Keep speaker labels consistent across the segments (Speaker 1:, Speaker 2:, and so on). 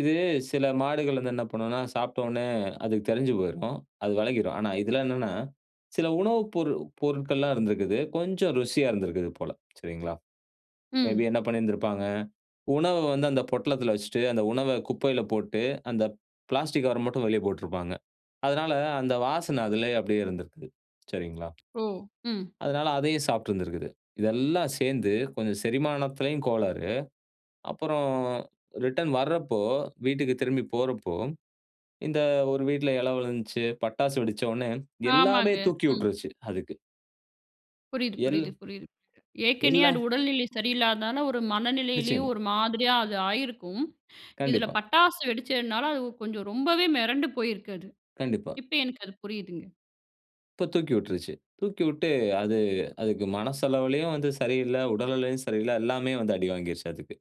Speaker 1: இது சில மாடுகள் வந்து என்ன பண்ணுன்னா சாப்டோன்னே அதுக்கு தெரிஞ்சு போயிருக்கும். அது வெலகிரும். ஆனா இதில என்னான்னா, சில உணவு பொருள் பொருட்கள்லாம் இருந்திருக்குது. கொஞ்சம் ருசியா இருந்திருக்குது போல. சரிங்களா. மே
Speaker 2: ம்.
Speaker 1: பி என்ன பண்ணியிருந்திருப்பாங்க. உணவ வந்து அந்த பொட்டலத்தில வச்சிட்டு, அந்த உணவை குப்பையில போட்டு அந்த பிளாஸ்டிக் கவர மட்டும் வெளிய போட்டிருப்பாங்க. அதனால அந்த வாசனை அதிலயே அப்டியே இருந்திருக்கிது. சரிங்களா.
Speaker 2: ஓ, ம்.
Speaker 1: அதனால அதையும் சாப்ட்டுருந்திருக்கிது. இதெல்லாம் சேந்து கொஞ்சம் செரிமானத்திலயும் கோளாறு. அப்புறம் ரிட்டர்ன் வரப்போ, வீட்டுக்கு திரும்பி போறப்போ, இந்த ஒரு வீட்ல எழவு விழுந்ச்சு, பட்டாசு வெடிச்சவுன்னே எல்லாமே
Speaker 2: ஆமாங்க.
Speaker 1: தூக்கி
Speaker 2: ம்.
Speaker 1: உட்ருச்சு அதுக்கு.
Speaker 2: புரியுது,
Speaker 1: எல்
Speaker 2: புரியுது, புரியுது. ஏற்கனயே அது
Speaker 1: எல்லாம்.
Speaker 2: உடல்நிலை சரியில்லாதனால, ஒரு மனநிலையிலயும்
Speaker 1: நிச்சயமா.
Speaker 2: ஒரு மாதிரியா அது ஆயிருக்கும். இதில
Speaker 1: கண்டிப்பா.
Speaker 2: பட்டாசு வெடிச்சதுனால, அது கொஞ்சம் ரொம்பவே மெரண்டு போயிருக்கு அது.
Speaker 1: கண்டிப்பா.
Speaker 2: இப்போ எனக்கு அது புரியுதுங்க.
Speaker 1: இப்போ தூக்கி விட்ருச்சு. தூக்கிவிட்டு அது, அதுக்கு மனசளவிலயும் வந்து சரியில்லை, உடல் நிலையும் சரியில்ல. எல்லாமே வந்து அடிவாங்கிருச்சு அதுக்கு.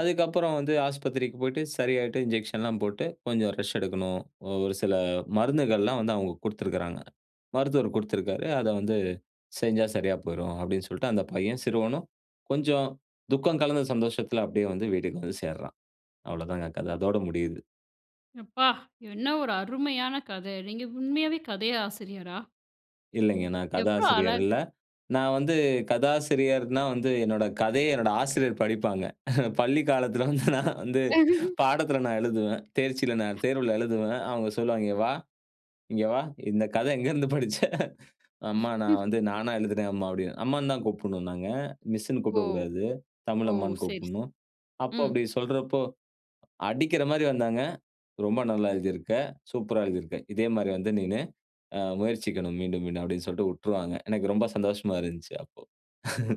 Speaker 1: அதுக்கப்புறம் வந்து ஆஸ்பத்திரிக்கு போய்ட்டு சரியாயிட்டு, இன்ஜெக்ஷன் எல்லாம் போட்டு கொஞ்சம் ரெஸ்ட் எடுக்கணும். அ ஒரு சில மருந்துகள்லாம் வந்து அவுங்க குடுத்திருக்கிறாங்க. மருத்துவர் குடுத்திருக்காரு. அதை வந்து செஞ்சா சரியா போய்ரும் அப்படின் சொல்ட்டு, அந்த பையன் சிறுவனும் கொஞ்சம் துக்கம் கலந்த சந்தோஷத்தில, அப்டியே வந்து வீட்டுக்கு வந்து சேருறான். அவ்வளதான்ங்க கதை. அதோட முடியுது.
Speaker 2: எப்பா! என்ன ஒரு அருமையான கதை. நீங்க உண்மையாவே கதை ஆசிரியரா?
Speaker 1: இல்லைங்க நான்
Speaker 2: எவ்ளோ
Speaker 1: கதாசிரியர்
Speaker 2: அழகா
Speaker 1: இல்ல. நான் வந்து கதாசிரியர்ன்னா வந்து என்னோட கதையை என்னுடைய ஆசிரியர் படிப்பாங்க. பள்ளிக் காலத்தில வந்து நான் வந்து பாடத்தில் நான் எழுதுவேன். தேர்ச்சில நான் தேர்வுல எழுதுவேன். அவுங்க சொல்லுவாங்க "இஙக வா. இங்கே வா, இந்த கதை எங்கேருந்து படிச்ச?" அம்மா நான் வந்து நானா எழுதுனேன் அம்மா" அப்படின் அம்மான்னு தான் கூப்பிடணும் நாங்க. மிஸ்ன்னு
Speaker 2: ஓ,
Speaker 1: கூப்பிடக்கூடாது.
Speaker 2: ஓ!
Speaker 1: தமிழ் அம்மான்னு
Speaker 2: சரி, சரி.
Speaker 1: கூப்பிடணும். அப்போ
Speaker 2: ம்.
Speaker 1: அப்படி சொல்றப்போ, அடிக்கிற மாரி வந்தாங்க. "ரொம்ப நல்லா எழுதியிருக்க சூப்பரா எழுதியிருக்க. இதே மாரி வந்து நீனு அ முயற்சிக்கணும் மீண்டும் மீண்டும்-" அப்படின்னு சொல்ட்டு உட்டுருவாங்க. எனக்கு ரொம்ப சந்தோஷமா இருந்துச்சு அப்போ.